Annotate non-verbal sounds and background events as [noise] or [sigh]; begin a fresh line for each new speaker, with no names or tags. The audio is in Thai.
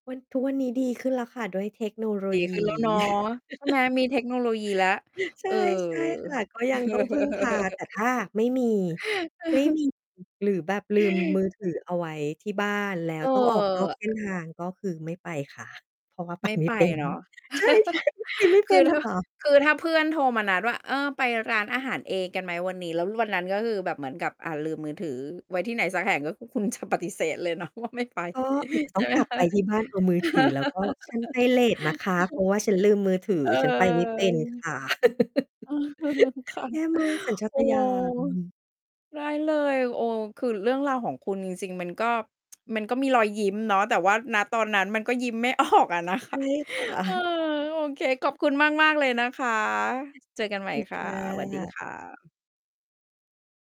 วัน ทุกวันนี้ดีขึ้นแล้วค่ะ ด้วยเทคโนโล
ดี
ย
ขึ้
ี
นแล้วเนาะ ใช่ไหม
[laughs]
มีเทคโนโลยีแล้ว
ใช
เ
่
ออ
ใช่ค่ะ ก็ยังต้องพึ่งพา แต่ถ้าไม่มี ไม่
[chuckles]
มี หรือแบบลืม มือถือ เอาไว้ที่บ้าน แล้
เ
ว
อ
ต้องออกนอกเส้น
อ
ทาง ก็คือไม่ไปค่ะ เพราะว่าไป
ไม่
ไม่
ไป
เป็น
เนาะ
ใช่ ๆ ไปไม่
[laughs] ค
เป
ื
็
อ
น
ถ้า
ค่ะ
คือถ้าเพื่อนโทรมานัดว่า เออ ไปร้านอาหารเองกันไหมวันนี้ แล้ววันนั้นก็คือแบบเหมือนกับ อา ลืมมือถือไว้ที่ไหนสักแห่ง ก็คือคุณจะปฏิเสธ เลยเนาะว่า ไม่ไป
ก็อาจจะ
ใ
ต
ช
้อ
่
ง
ไหม
กลับ
คะ?
ไปที่
[chuckles]
บ้านเอามือถือ แล้วก็ "ฉันไปเลตนะคะ เพราะว่าฉันลืมมือถือ
เออ
ฉันไปไม่เป็นค่ะ" [laughs]
[chuckles] เออ ค่ะ
แย่มากสัญชา
โอ
ต
้
ญาณ
ได้เลย โอ้ คือเรื่องราวของคุณจริง ๆ มันก็ [tsk] มันก็มีรอยยิ้มเนาะ แต่ว่า ณ ตอนนั้นมันก็ยิ้มไม่ ออกอะนะค
ใช
ะ
่ ค่
เออ
ะ
โอเค ขอบคุณมาก ๆ เลยนะคะ เจอกันใหม่
[unintelligible]
ค
ค
่ะ
่
สวัสดี
ะ
ค่ะ